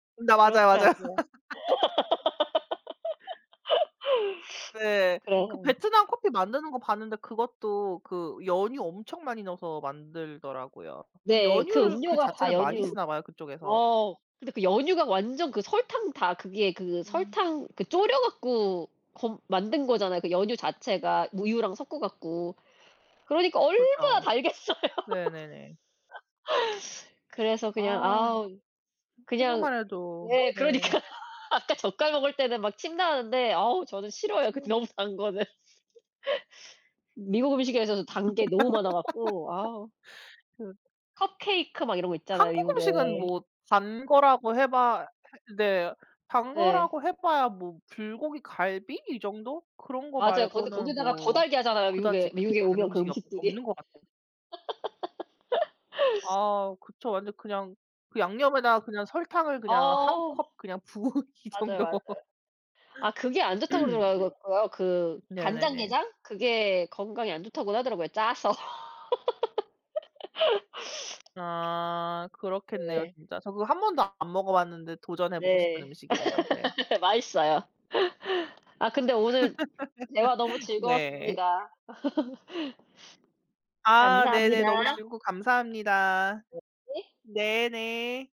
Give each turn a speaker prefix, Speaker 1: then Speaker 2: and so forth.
Speaker 1: 네 맞아요, 맞아요.
Speaker 2: 그렇더라고요.
Speaker 1: 네. 그
Speaker 2: 그래요.
Speaker 1: 베트남 커피 만드는 거 봤는데 그것도 그 연유 엄청 많이 넣어서 만들더라고요. 그
Speaker 2: 네. 그
Speaker 1: 연유를 그
Speaker 2: 음료가 다
Speaker 1: 자체를 많이
Speaker 2: 연유
Speaker 1: 쓰나 봐요, 그쪽에서.
Speaker 2: 어 근데 그 연유가 완전 그 설탕 다 그게 그
Speaker 1: 음.
Speaker 2: 설탕 그 졸여 갖고 검 만든 거잖아요, 그 연유 자체가 우유랑 섞어 갖고. 그러니까 얼마나
Speaker 1: 그렇죠.
Speaker 2: 달겠어요.
Speaker 1: 네 네 네.
Speaker 2: 그래서 그냥
Speaker 1: 아
Speaker 2: 아 그냥
Speaker 1: 생각만 해도
Speaker 2: 예
Speaker 1: 네.
Speaker 2: 그러니까요. 아까 젓갈 먹을 때는 막 침 나오는데 어 저는 싫어요, 그
Speaker 1: 그쵸.
Speaker 2: 너무 단 거는. 미국 음식에서는 단 게 너무 많아 갖고. 아.
Speaker 1: 그
Speaker 2: 컵케이크 막 이런 거 있잖아요,
Speaker 1: 한국
Speaker 2: 미국에.
Speaker 1: 음식은 뭐 단 거라고 해봐 네 단
Speaker 2: 네.
Speaker 1: 거라고 해봐야 뭐 불고기 갈비 이 정도 그런 거
Speaker 2: 맞아요. 근데
Speaker 1: 말고는
Speaker 2: 거기다가 더
Speaker 1: 뭐
Speaker 2: 달게 하잖아요,
Speaker 1: 그다지
Speaker 2: 미국에
Speaker 1: 그렇게
Speaker 2: 미국에
Speaker 1: 단
Speaker 2: 오면 그
Speaker 1: 음식이 없
Speaker 2: 음식들이.
Speaker 1: 없는 것 같아요. 아 그쵸. 완전 그냥 그 양념에다가 그냥 설탕을 그냥 1
Speaker 2: 어 음.
Speaker 1: 컵 그냥 부은 이
Speaker 2: 맞아요,
Speaker 1: 정도.
Speaker 2: 맞아요. 아 그게 안 좋다고 그러더라고요. 그
Speaker 1: 네네네.
Speaker 2: 간장게장? 그게 건강에 안 좋다고 하더라고요, 짜서.
Speaker 1: 아 그렇겠네요
Speaker 2: 네.
Speaker 1: 진짜. 저 그거 한번도 안 먹어봤는데 도전해보고 싶은
Speaker 2: 네.
Speaker 1: 음식이에요 네.
Speaker 2: 맛있어요. 아 근데 오늘 대화 너무
Speaker 1: 네.
Speaker 2: 즐거웠습니다.
Speaker 1: 아 네네. 너무
Speaker 2: 감사합니다.
Speaker 1: 즐거웠고 감사합니다.
Speaker 2: 네에.
Speaker 1: 네 네.